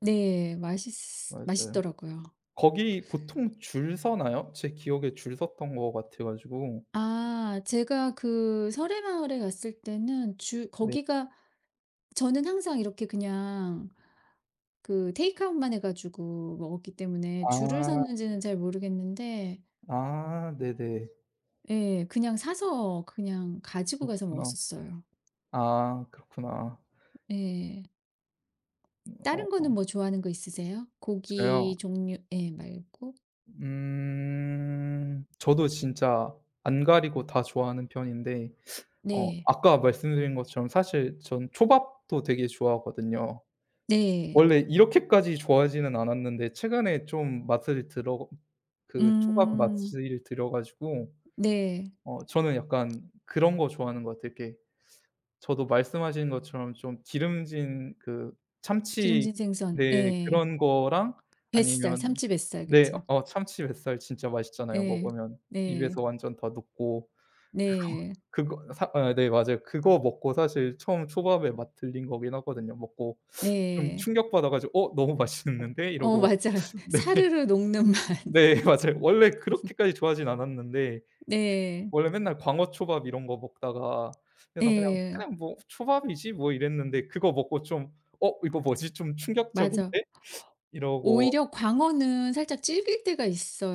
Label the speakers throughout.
Speaker 1: 네. 맛있
Speaker 2: 맞아요.
Speaker 1: 맛있더라고요.
Speaker 2: 거기 보통 줄 서나요? 제 기억에 줄 섰던 것 같아 가지고.
Speaker 1: 아. 제가 그 서래마을에 갔을 때는 주
Speaker 2: 네.
Speaker 1: 거기가 저는 항상 이렇게 그냥 그 테이크아웃만 해 가지고 먹었기 때문에 줄을
Speaker 2: 아.
Speaker 1: 섰는지는 잘 모르겠는데
Speaker 2: 아. 네네.
Speaker 1: 예. 그냥 사서 그냥 가지고 가서
Speaker 2: 그렇구나.
Speaker 1: 먹었었어요.
Speaker 2: 아. 그렇구나.
Speaker 1: 예.
Speaker 2: 음,
Speaker 1: 다른
Speaker 2: 어어.
Speaker 1: 거는 뭐 좋아하는 거 있으세요?
Speaker 2: 저요?
Speaker 1: 고기 종류 예 말고.
Speaker 2: 음. 저도 진짜 안 가리고 다 좋아하는 편인데 어
Speaker 1: 네.
Speaker 2: 아까 말씀드린 것처럼 사실 저는 초밥도 되게 좋아하거든요.
Speaker 1: 네.
Speaker 2: 원래 이렇게까지 좋아하지는 않았는데 최근에 좀 맛을 들어 그 초밥
Speaker 1: 음.
Speaker 2: 맛을 들여가지고
Speaker 1: 네.
Speaker 2: 어 저는 약간 그런 거 좋아하는 것 같아요. 이렇게 저도 말씀하신 것처럼 좀 기름진 그 참치
Speaker 1: 기름진 생선.
Speaker 2: 네.
Speaker 1: 예.
Speaker 2: 그런 거랑
Speaker 1: 뱃살
Speaker 2: 아니면
Speaker 1: 참치 뱃살
Speaker 2: 네.
Speaker 1: 그쵸.
Speaker 2: 어 참치 뱃살 진짜 맛있잖아요.
Speaker 1: 예.
Speaker 2: 먹으면
Speaker 1: 네.
Speaker 2: 입에서 완전 다 녹고. 그거
Speaker 1: 네.
Speaker 2: 그거 사 아 네 맞아요. 그거 먹고 사실 처음 초밥에 맛 들린 거긴 하거든요. 먹고 좀
Speaker 1: 네.
Speaker 2: 충격받아가지고 '어 너무 맛있는데.'
Speaker 1: 어.
Speaker 2: 이러고.
Speaker 1: 맞아요.
Speaker 2: 네.
Speaker 1: 사르르 녹는 맛.
Speaker 2: 네. 맞아요. 원래 그렇게까지 좋아하진 않았는데 그
Speaker 1: 네.
Speaker 2: 원래 맨날 광어 초밥 이런 거 먹다가 그래서 그냥
Speaker 1: 예.
Speaker 2: 그냥 뭐 초밥이지 뭐 이랬는데 그거 먹고 좀 '어 이거 뭐지? 좀
Speaker 1: 맞아.
Speaker 2: 충격적인데?' 이러고
Speaker 1: 오히려 광어는 살짝 질길 때가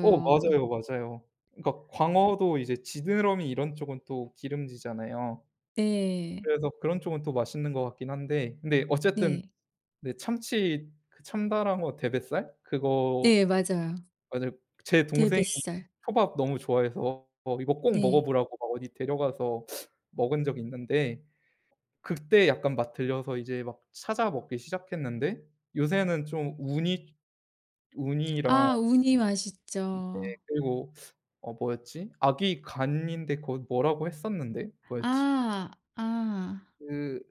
Speaker 2: 어. 맞아요. 맞아요. 그러니까 광어도 이제 지느러미 이런 쪽은 또 기름지잖아요.
Speaker 1: 네.
Speaker 2: 그래서 그런 쪽은 또 맛있는 것 같긴 한데. 근데 어쨌든
Speaker 1: 네.
Speaker 2: 네. 참치 그 참다랑어 대뱃살 그거
Speaker 1: 네. 맞아요.
Speaker 2: 맞을 제 동생이
Speaker 1: 대뱃살.
Speaker 2: 초밥 너무 좋아해서 이거 꼭
Speaker 1: 네.
Speaker 2: 먹어보라고 막 어디 데려가서 먹은 적이 있는데 그때 약간 맛 들려서 이제 막 찾아 먹기 시작했는데 요새는 좀 우니, 우니랑
Speaker 1: 아. 우니
Speaker 2: 네.
Speaker 1: 맛있죠.
Speaker 2: 그리고 어 뭐였지 아귀 간인데 그 뭐라고 했었는데 뭐였지?
Speaker 1: 아. 아.
Speaker 2: 그